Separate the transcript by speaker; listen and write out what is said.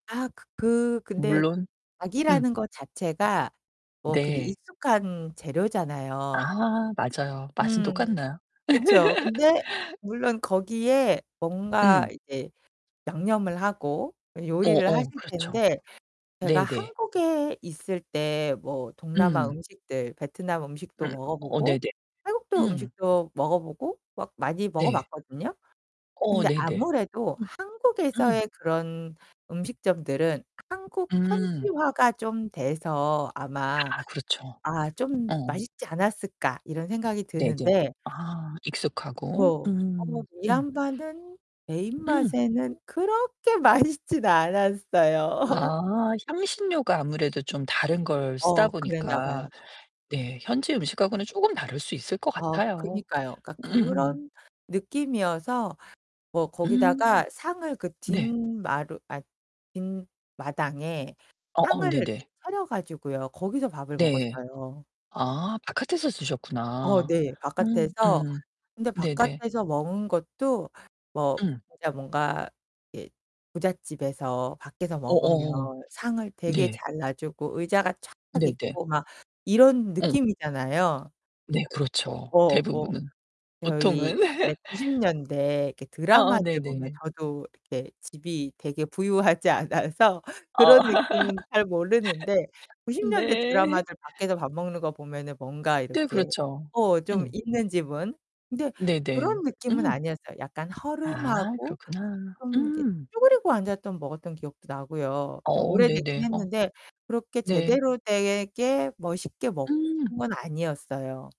Speaker 1: 아 그 그 근데
Speaker 2: 물론 음.
Speaker 1: 닭이라는 것 자체가 뭐 근데
Speaker 2: 네.
Speaker 1: 익숙한 재료잖아요.
Speaker 2: 아 맞아요. 맛은
Speaker 1: 음.
Speaker 2: 똑같나요?
Speaker 1: 그쵸. 근데 물론 거기에 뭔가
Speaker 2: 음.
Speaker 1: 이제 양념을 하고
Speaker 2: 어,
Speaker 1: 요리를 하실
Speaker 2: 어. 그렇죠.
Speaker 1: 텐데 제가
Speaker 2: 네, 네.
Speaker 1: 한국에 있을 때 뭐 동남아
Speaker 2: 음.
Speaker 1: 음식들 베트남 음식도
Speaker 2: 음.
Speaker 1: 먹어
Speaker 2: 어 네네.
Speaker 1: 보고 태국도
Speaker 2: 음.
Speaker 1: 음식도 먹어 보고 막 많이 먹어
Speaker 2: 네.
Speaker 1: 봤거든요?
Speaker 2: 어
Speaker 1: 근데
Speaker 2: 네네.
Speaker 1: 아무래도
Speaker 2: 음. 음.
Speaker 1: 한국에서의 그런 음식점들은 한국
Speaker 2: 음.
Speaker 1: 현지화가 좀 돼서 아마
Speaker 2: 아 그렇죠.
Speaker 1: '아 좀
Speaker 2: 어.
Speaker 1: 맛있지 않았을까?' 이런 생각이
Speaker 2: 네네.
Speaker 1: 드는데.
Speaker 2: 아. 익숙하고.
Speaker 1: 어 어 뭐
Speaker 2: 음. 음.
Speaker 1: 미얀마는 내
Speaker 2: 음.
Speaker 1: 입맛에는 그렇게 맛있진 않았어요.
Speaker 2: 아, 향신료가 아무래도 좀 다른 걸 쓰다
Speaker 1: 어
Speaker 2: 보니까
Speaker 1: 그랬나봐요.
Speaker 2: 네 현지 음식하고는 쪼금 다를 수 있을 것
Speaker 1: 아
Speaker 2: 같아요.
Speaker 1: 그러니까요. 그니까
Speaker 2: 음음.
Speaker 1: 그런 느낌이어서 뭐
Speaker 2: 음.
Speaker 1: 거기다가 상을 그
Speaker 2: 네.
Speaker 1: 뒷마루 아 뒷마당에
Speaker 2: 어어
Speaker 1: 상을 이렇게
Speaker 2: 네네.
Speaker 1: 차려가지고요. 거기서 밥을
Speaker 2: 네.
Speaker 1: 먹었어요.
Speaker 2: 아 바깥에서
Speaker 1: 어
Speaker 2: 쓰셨구나.
Speaker 1: 네.
Speaker 2: 음.
Speaker 1: 바깥에서.
Speaker 2: 음.
Speaker 1: 근데
Speaker 2: 네네.
Speaker 1: 바깥에서 먹은 것도 뭐
Speaker 2: 음.
Speaker 1: 진짜 뭔가 이 부잣집에서 밖에서 먹으면
Speaker 2: 어어.
Speaker 1: 상을 되게
Speaker 2: 네.
Speaker 1: 잘 놔 주고 의자가 쫙
Speaker 2: 네네.
Speaker 1: 있고 막 이런
Speaker 2: 어.
Speaker 1: 느낌이잖아요.
Speaker 2: 네
Speaker 1: 어,
Speaker 2: 그렇죠.
Speaker 1: 어 뭐
Speaker 2: 대부분은.
Speaker 1: 저희
Speaker 2: 보통은.
Speaker 1: 옛날에 90 년대 이렇게
Speaker 2: 아아
Speaker 1: 드라마를 보면
Speaker 2: 네네네.
Speaker 1: 저도 이렇게 집이 되게 부유하지 않아서 그런
Speaker 2: 아.
Speaker 1: 느낌은 잘 모르는데 90 년대
Speaker 2: 네.
Speaker 1: 드라마들 밖에서 밥 먹는 거 보면은 뭔가
Speaker 2: 네,
Speaker 1: 이렇게
Speaker 2: 그렇죠.
Speaker 1: 어 좀
Speaker 2: 음.
Speaker 1: 있는 집은. 근데
Speaker 2: 네네.
Speaker 1: 그런 느낌은
Speaker 2: 음.
Speaker 1: 아니었어요. 약간
Speaker 2: 아
Speaker 1: 허름하고
Speaker 2: 그렇구나.
Speaker 1: 좀 이렇게
Speaker 2: 음.
Speaker 1: 쭈그리고 앉았던 먹었던 기억도 나고요. 좀
Speaker 2: 어
Speaker 1: 오래되긴
Speaker 2: 네네. 어.
Speaker 1: 했는데 그렇게
Speaker 2: 네.
Speaker 1: 제대로 되게 뭐 쉽게 먹은
Speaker 2: 음.
Speaker 1: 건 아니었어요.